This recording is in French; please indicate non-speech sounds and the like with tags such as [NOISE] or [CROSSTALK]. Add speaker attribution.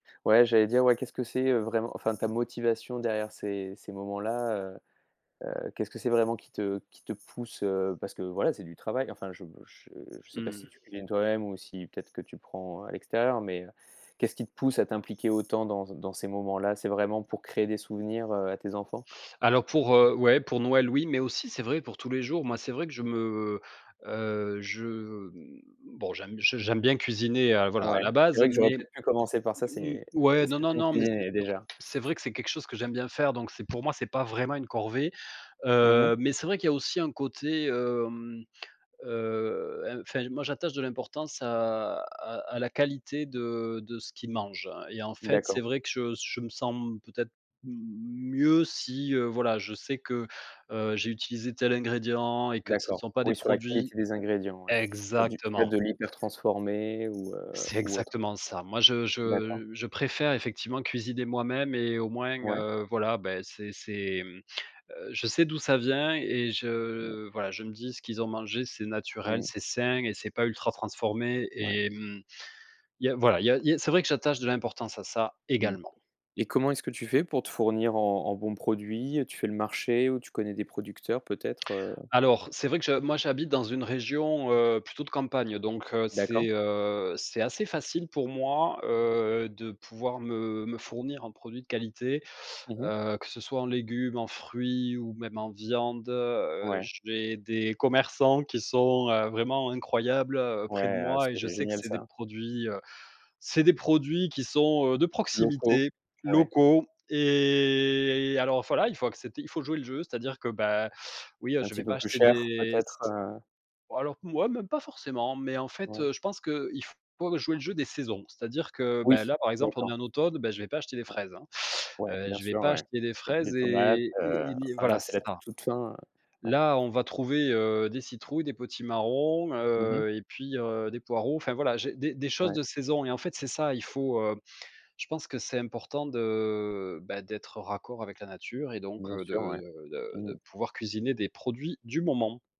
Speaker 1: Ouais j'allais dire, ouais, qu'est-ce que c'est, heu, vraiment, enfin, ta motivation derrière ces ces moments-là? Heu, heu, qu'est-ce que c'est vraiment qui te qui te pousse? Heu, parce que, voilà, c'est du travail, enfin, je je je sais pas si
Speaker 2: Mmh.
Speaker 1: tu cuisines toi-même ou si peut-être que tu prends, heu, à l'extérieur mais, heu, qu'est ce qui te pousse à t'impliquer autant dans c dans ces moments-là? C'est vraiment pour créer des souvenirs, heu, à tes enfants?
Speaker 2: Alors pour, heu, ouais, pour Noël, oui, mais aussi c'est vrai pour tous les jours, moi c'est vrai que je me, heu, je, mmh, bon, j'aime j j'aime bien cuisiner, heu, voilà, à
Speaker 1: Ouais,
Speaker 2: la
Speaker 1: c'est
Speaker 2: base,
Speaker 1: vrai que j'aurais
Speaker 2: mais
Speaker 1: peut-être pu commencer par ça,
Speaker 2: m
Speaker 1: c'est
Speaker 2: ouais,
Speaker 1: est-ce
Speaker 2: non,
Speaker 1: que
Speaker 2: non,
Speaker 1: tu aimes
Speaker 2: non, mais c'est
Speaker 1: cuisiner déjà?
Speaker 2: c'est vrai que c'est quelque chose que j'aime bien faire, donc c'est pour moi c'est pas vraiment une corvée,
Speaker 1: Mmh
Speaker 2: heu,
Speaker 1: mh.
Speaker 2: mais c'est vrai qu'il y a aussi un côté, hem, heu, enfin, moi j'attache de l'importance à à à la qualité de de ce qu'ils mangent, hein, et en fait, c'est
Speaker 1: D'accord.
Speaker 2: vrai que je s je me sens peut-être m mieux si, heu, voilà, je sais que, heu, j'ai utilisé tel ingrédient et que ce ne
Speaker 1: D'accord,
Speaker 2: sont pas des
Speaker 1: oui, sur la
Speaker 2: produits
Speaker 1: qualité des ingrédients, ouais, pas du pas
Speaker 2: exactement.
Speaker 1: de l'hyper transformé ou, heu,
Speaker 2: C'est
Speaker 1: ou autre.
Speaker 2: exactement ça. Moi, je
Speaker 1: D'accord.
Speaker 2: je je préfère effectivement cuisiner moi-même et au moins,
Speaker 1: Ouais.
Speaker 2: heu, voilà, beh, c'est c'est, mmh, heu, je sais d'où ça vient et
Speaker 1: [UNINTELLIGIBLE]
Speaker 2: je, voilà, je me dis: «Ce qu'ils ont mangé, c'est naturel,
Speaker 1: Mmh.
Speaker 2: c'est sain et c'est pas ultra transformé»
Speaker 1: Ouais.
Speaker 2: et mmh, il y a, voilà, il y a il y a c'est vrai que j'attache de l'importance à ça
Speaker 1: Mmh.
Speaker 2: également.
Speaker 1: Et comment est-ce que tu fais pour te fournir en en bons produits, heu? Tu fais le marché ou tu connais des producteurs peut-être? Heu
Speaker 2: Alors, c'est vrai que je moi, j'habite dans une région, heu, plutôt de campagne, donc heu,
Speaker 1: D'accord.
Speaker 2: c'est, heu, c'est assez facile pour moi, heu, de pouvoir me me fournir un produit de qualité,
Speaker 1: Mmh mh.
Speaker 2: heu, que ce soit en légumes, en fruits ou même en viande. Heu,
Speaker 1: Ouais.
Speaker 2: j'ai des commerçants qui sont, heu, vraiment incroyables, heu, près de
Speaker 1: Ouais, heu,
Speaker 2: moi et je
Speaker 1: c'est
Speaker 2: sais que
Speaker 1: génial
Speaker 2: c'est des
Speaker 1: ça.
Speaker 2: produits, heu, c'est des produits qui sont, heu, de
Speaker 1: Locaux,
Speaker 2: proximité,
Speaker 1: ouais.
Speaker 2: locaux et alors voilà, il faut accepter, il faut jouer le jeu, c'est-à-dire que, bah, oui, heu,
Speaker 1: C'est un
Speaker 2: je
Speaker 1: petit
Speaker 2: vais
Speaker 1: peu
Speaker 2: pas
Speaker 1: plus
Speaker 2: acheter
Speaker 1: cher
Speaker 2: des s
Speaker 1: peut-être, heu?
Speaker 2: bon, alors, moi, même pas forcément, mais en fait,
Speaker 1: Ouais.
Speaker 2: heu, je pense qu'il faut jouer le jeu des saisons, c'est-à-dire que, ben,
Speaker 1: Oui,
Speaker 2: là, par exemple, on est
Speaker 1: d'accord.
Speaker 2: en automne, beh, je vais pas acheter des
Speaker 1: Ouais,
Speaker 2: fraises, hein,
Speaker 1: ouais,
Speaker 2: heu,
Speaker 1: bien
Speaker 2: je vais
Speaker 1: sûr,
Speaker 2: pas
Speaker 1: ouais,
Speaker 2: acheter des
Speaker 1: peut-être des
Speaker 2: fraises
Speaker 1: tomates,
Speaker 2: et
Speaker 1: heu,
Speaker 2: et et ni
Speaker 1: enfin là,
Speaker 2: voilà,
Speaker 1: c'est
Speaker 2: c'est
Speaker 1: la t
Speaker 2: ça.
Speaker 1: toute fin, ouais.
Speaker 2: Là, on va trouver, heu, des citrouilles, des potimarrons,
Speaker 1: Mmh mh.
Speaker 2: heu, et puis, heu, des poireaux, enfin, voilà, j'ai des des choses
Speaker 1: Ouais.
Speaker 2: de saison et en fait, c'est ça, il faut, heu, je pense que c'est important de, ben, d'être raccord avec la nature et donc,
Speaker 1: Bien
Speaker 2: heu,
Speaker 1: sûr,
Speaker 2: de
Speaker 1: ouais.
Speaker 2: de de
Speaker 1: Mmh mh.
Speaker 2: de pouvoir cuisiner des produits du moment.